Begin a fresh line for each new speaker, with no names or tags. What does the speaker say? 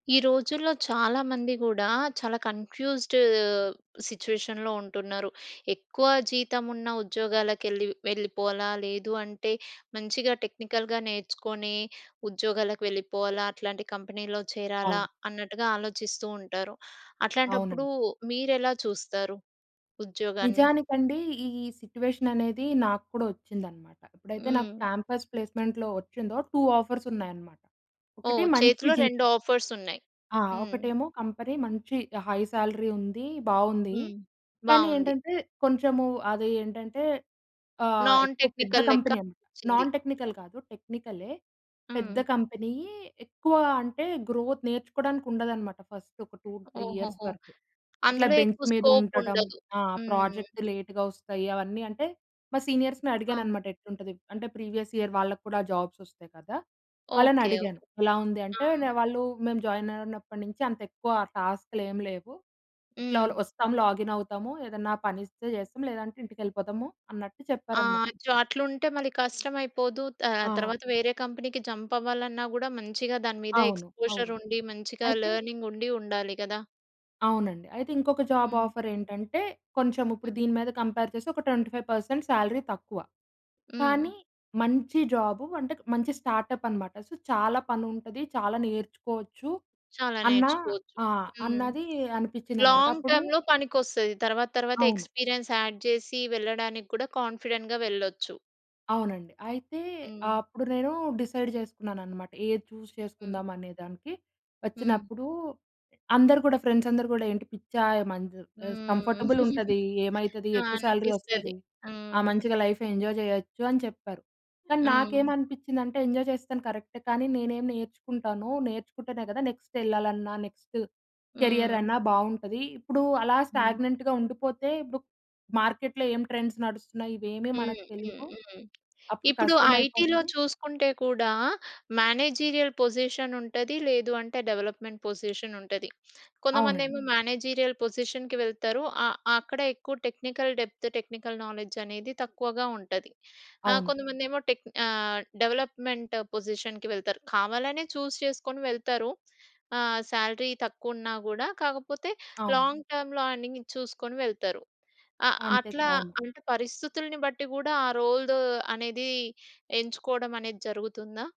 ఈ రోజుల్లో చాలామంది గుడా చాలా కన్‌ఫ్యూ‌జ్డ్ సిట్యుయేషన్‌లో ఉంటున్నారు. ఎక్కువ జీతం ఉన్న ఉద్యోగాలకెళ్ళి వెళ్ళిపోవాలా? లేదు అంటే, మంచిగా టెక్నికల్‌గా నేర్చుకొని ఉద్యోగాలకు వెళ్ళిపోవాలా? అట్లాంటి కంపెనీలో చేరాలా?
అవును.
అన్నట్టుగా ఆలోచిస్తూ ఉంటారు. అట్లాంటప్పుడు
అవునండి.
మీరెలా చూస్తారు ఉద్యోగాన్ని?
నిజానికండి ఈ సిట్యుయేషన్ అనేది నాకు కూడా వచ్చిందన్నమాట. ఎప్పుడైతే నాకు
హ్మ్.
క్యాంపస్ ప్లేస్మెంట్‌లో వచ్చిందో 2 ఆఫర్స్ ఉన్నాయన్నమాట. ఒకటి,
ఓహ్!
మంచి
చేతిలో
జీ
2 ఆఫర్స్ ఉన్నాయి.
ఆ!
హ్మ్.
ఒకటేమో, కంపెనీ మంచి హై సాలరీ ఉంది, బాగుంది.
హ్మ్.
కానీ
బాగుంది.
ఏంటంటే కొంచెము అది ఏంటంటే ఆహ్,
నాన్
ఎక్కువ పెద్ద
టెక్నికల్ లెక్క
కంపెనీ అన్నమాట.
అనిపించింది.
నాన్ టెక్నికల్ కాదు, టెక్నికలే. పెద్ద
హ్మ్.
కంపెనీ ఎక్కువ అంటే గ్రోత్ నేర్చుకోవడానికి ఉండదు అన్నమాట ఫస్ట్ ఒక 2, 3 ఇయర్స్
ఓహోహో!
వరకు. అట్లా
అందులో
బెంచ్
ఎక్కువ
మీద
స్కోప్
ఉండటం.
ఉండదు.
ఆ!
హ్మ్
ప్రాజెక్ట్
హ్మ్.
లేటు‌గా వస్తాయి అవన్నీ. అంటే, మా సీనియర్స్‌ని అడిగాను
అ!
అన్నమాట ఎట్లుంటది? అంటే, ప్రీవియస్ ఇయర్ వాళ్ళకి కూడా జాబ్స్ వస్తాయి కదా! వాళ్ళని
ఓకె
అడిగాను.
ఓకె.
ఎలా ఉంది అంటే,
ఆ!
వాళ్ళు "మేము జాయిన్ అయిన అయినప్పటి నుంచి అంత ఎక్కువ టాస్క్‌లు ఏమి లేవు, ఇట్లా
హ్మ్.
వస్తాం, లాగిన్ అవుతాము. ఏదన్నా పని ఇస్తే చేస్తాం. లేదంటే ఇంటికి వెళ్ళిపోతాము" అన్నట్టు చెప్పారన్నమాట.
ఆహ్, అయ్యో! అట్లుంటే మళ్ళీ కష్టం అయిపోదు. త
ఆ!
తర్వాత వేరే కంపెనీకి జంప్ అవ్వాలన్నా కూడా మంచిగా దాని మీద
అవును
ఎక్స్‌పోజర్
అవును.
ఉండి, మంచిగా
అయితే
లెర్నింగ్ ఉండి ఉండాలి గదా!
అవునండి. అయితే ఇంకొక జాబ్
హ్మ్.
ఆఫర్ ఏంటంటే, కొంచెం ఇప్పుడు
హ్మ్.
దీని మీద కంపేర్ చేస్తే ఒక 25% సాలరీ తక్కువ.
హ్మ్.
కానీ, మంచి జాబ్. అంటే, మంచి స్టార్టప్ అన్నమాట. సో చాలా పని ఉంటది, చాలా నేర్చుకోవచ్చు
చాలా
అన్న
నేర్చుకోవచ్చు.
ఆహ్,
హ్మ్.
అన్నాది అనిపించింది అన్నమాట.
లాంగ్
అప్పుడు
టర్మ్‌లో పనికొస్తది. తర్వాత తర్వాత
అవును.
ఎక్స్పీరియన్స్ యాడ్ చేసి వెళ్ళడానికి కూడా కాన్ఫిడెంట్‌గా వెళ్ళొచ్చు.
అవునండి. అయితే ఆహ్,
హ్మ్.
అప్పుడు నేను డిసైడ్ చేసుకున్నాననమాట. ఏది చూస్
హ్మ్.
చేసుకుందాం అనే దానికి,
హ్మ్.
ఒచ్చినప్పుడు అందరూ కూడా, ఫ్రెండ్స్ అందరూ కూడా ఏంటి "పిచ్చా! ఏమన్ చెప్పేసి
హ్మ్.
కంఫర్టబుల్ ఉంటది, ఏమైతది?
ఆ!
ఎక్కువ సాలరీ
అనిపిస్తది.
ఒస్తది. ఆ!
హ్మ్.
మంచిగా లైఫ్ ఎంజాయ్ చేయొచ్చు" అని చెప్పారు. కానీ నాకేం
హ్మ్.
అనిపించిందంటే, ఎంజాయ్ చేస్తాను కరెక్టే. కానీ నేనేం నేర్చుకుంటానో, నేర్చుకుంటేనే కదా! నెక్స్ట్ ఎళ్ళాలన్నా, నెక్స్ట్, కెరియర్
హ్మ్.
అన్నా బాగుంటది. ఇప్పుడు అలా
హ్మ్.
స్టాగ్నెంట్‌గా ఉండిపోతే ఇప్పుడు మార్కెట్‌లో ఏం ట్రెండ్స్ నడుస్తున్నాయి ఇవేమీ మనకు
హ్మ్. హ్మ్.
తెలియవు.
హ్మ్.
అప్పుడు
ఇప్పుడు
కష్టం
ఐటీ‌లో
అయిపోద్ది.
చూసుకుంటే కూడా, మేనేజీరియల్ పొజిషన్ ఉంటది, లేదు అంటే డెవలప్‌మెంట్ పొజిషన్ ఉంటది.
అవునండి.
కొంతమందేమో మేనేజీరియల్ పొజిషన్‌కి వెళ్తారు. ఆ అక్కడ ఎక్కువ టెక్నికల్ డెప్త్, టెక్నికల్ నాలెడ్జ్ అనేది తక్కువగా ఉంటది. ఆ!
అవును.
కొంతమందేమో టెక్ ఆహ్, డెవలప్‌మెంట్ పొజిషన్‌కి వెళ్తారు. కావాలనే చూస్ చేసుకొని వెళ్తారు. ఆహ్, సాలరీ తక్కువున్నా కూడా. కాకపోతే
అవును.
లాంగ్ టర్మ్‌లో ఎర్నింగ్ చూసుకొని వెళ్తారు. అ
అంతే‌గా,
అట్లా
అవును.
అంటే పరిస్థితుల్ని బట్టి కూడా ఆ రోల్ అనేది, ఎంచుకోవడం అనేది జరుగుతుందా?